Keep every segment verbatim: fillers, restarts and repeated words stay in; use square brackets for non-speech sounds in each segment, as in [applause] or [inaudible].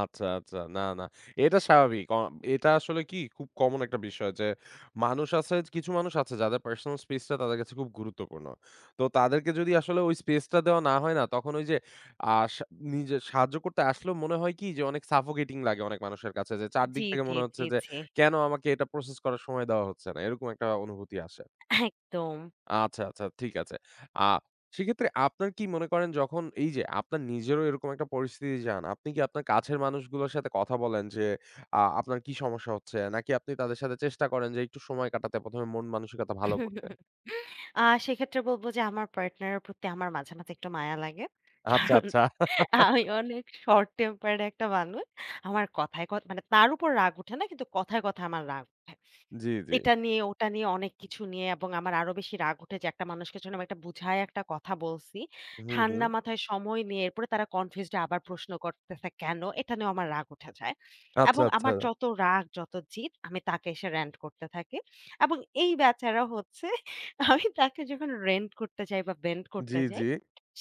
আচ্ছা, আচ্ছা। না, না। এটা স্বাভাবিক। আ এটা আসলে কি খুব কমন একটা বিষয় যে মানুষ আছে কিছু মানুষ আছে যাদের পার্সোনাল স্পেস টা তাদের কাছে খুব গুরুত্বপূর্ণ। তো তাদেরকে যদি আসলে ওই স্পেস টা দেওয়া না হয় না তখন ওই যে আ সা নিজে সাহায্য করতে আসলেও মনে হয় কি যে অনেক সাফোকেটিং লাগে অনেক মানুষের কাছে যে চার জি, দিক থেকে জি, মনে হচ্ছে জি, যে জি। কেনো আমাকে এটা প্রসেস করার সময় দেওয়া হচ্ছে না। এরকম একটা অনুভূতি আসে। একদম। আচ্ছা, আচ্ছা ঠিক আছে। আ সেক্ষেত্রে আপনার কি মনে করেন যখন এই যে আপনার নিজেরও এরকম একটা পরিস্থিতি যান, আপনি কি আপনার কাছের মানুষগুলোর সাথে কথা বলেন যে আ আপনার কি সমস্যা হচ্ছে নাকি আপনি তাদের সাথে চেষ্টা করেন যে একটু সময় কাটাতে প্রথম এ মন-মানসিকতা ভালো করতে? [chuckles] আ সেক্ষেত্রে বলব যে আমার পার্টনার এর প্রতি আমার মাঝে, মাঝে একটু মায়া লাগে। আচ্ছা, কারণ আচ্ছা। আমি [chuckles] অনেক শর্ট টেম্পারড একটা মানুষ। আমার কথায়, কথায় ক মানে তার উপর রাগ উঠে না কিন্তু কথায়, কথায় আমার রাগ উঠে। জি, জি। এটা নিয়ে ওটা নিয়ে অনেক কিছু নিয়ে এবং আমার আরো বেশি রাগ উঠে যে একটা মানুষকে যখন এটা বুঝাই একটা কথা বলছি। হুম, হুম। ঠান্ডা মাথায় সময় নিয়ে এরপরে তারা কনফিউজড আবার প্রশ্ন করতেছে কেনো? এটা নিয়েও আমার রাগ উঠে যায়। আচ্ছা, এবং আমার আচ্ছা। যত রাগ যত জিৎ আমি তাকে এসে রেন্ট করতে থাকি। এবং এই বেচারা হচ্ছে আমি তাকে যখন রেন্ট করতে যাই বা বেন্ড করতে জি, যাই, জি।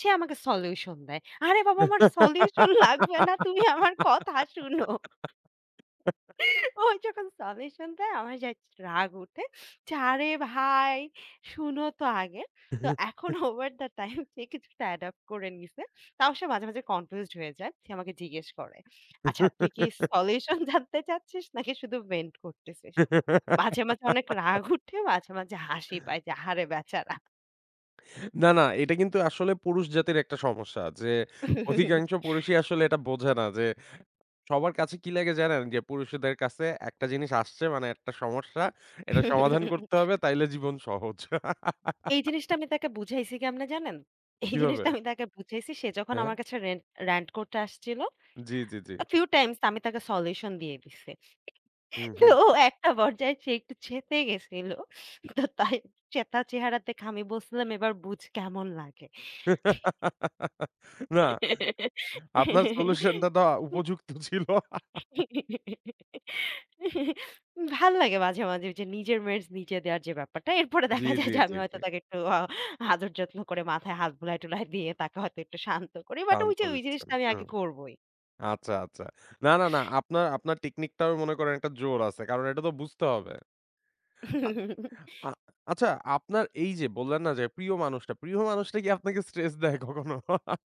সে আমাকে সলিউশন দেয়। আরে বাবা আমার সলিউশন লাগবে না। তুমি আমার কথা শুনো। [laughs] ও যখন সলিউশন দেয় আমার জাস্ট রাগ উঠে যে আরে ভাই শুনো তো আগে। তো এখন [chuckles] ওভার দ্যা টাইম যে কিছুটা অ্যাডপ্ট করে নিয়েছে। তাও সে মাঝে, মাঝে কনফিউজড হয়ে যায়। সে আমাকে জিজ্ঞেস করে, "আচ্ছা, তুই কি সলিউশন [chuckles] জানতে চাচ্ছিস নাকি শুধু ভেন্ট করতেছিস?" মাঝে, মাঝে অনেক রাগ [laughs] উঠে মাঝে, মাঝে হাসি পায় যে, আহারে বেচারা! না, না এটা কিন্তু আসলে পুরুষ জাতির একটা সমস্যা যে অধিকাংশ [chuckles] পুরুষই আসলে এটা বোঝে না যে সবার কাছে কি লাগে জানেন যে পুরুষদের কাছে একটা জিনিস আসছে মানে একটা সমস্যা এটা সমাধান করতে হবে [chuckles] তাইলে জীবন সহজ। এই জিনিসটা [laughs] আমি তাকে বুঝাইছি কেমনে জানেন? এই কীভাবে? জিনিসটা আমি তাকে বুঝাইছি সে যখন হ্যাঁ। আমার কাছে রেন্ট র‍্যান্ট করতে আসছিল জি, জি, জি, জি। আ ফিউ টাইমস আমি তাকে সলিউশন দিয়ে দিছি। হুম, তো হুম। একটা পর্যায় সে একটু চেতে গেছিল। তো তাই চেতা চেহারা দেখে আমি বলসিলাম "এবার বুঝ কেমন লাগে।" [laughs] না। আপনার সলিউশন টা তো [laughs] উপযুক্ত ছিল। [chuckles] [laughs] ভাল্লাগে মাঝে, মাঝে যে নিজের মেডস নিজে দেওয়ার যে ব্যাপারটা এরপরে জি, দেখা যায় জি, যে জি, আমি জি। হয়তো তাকে একটু আ আদর যত্ন করে মাথায় হাত বুলায়-টুলায় দিয়ে তাকে হয়তো একটু শান্ত করি বাট টান তো ঐযে ওই দিচ্ছেন। জিনিসটা আমি আগে হুম। করবই। আচ্ছা, আচ্ছা। না, না, না আপনার আপনার টেকনিক টাও মনে করেন একটা জোর আছে। কারণ এটা তো বুঝতে হবে। আ আ [chuckles] আচ্ছা আপনার এই যে বললেন না যে প্রিয় মানুষটা প্রিয় মানুষটা কি আপনাকে স্ট্রেস দেয় কখনো? [chuckles]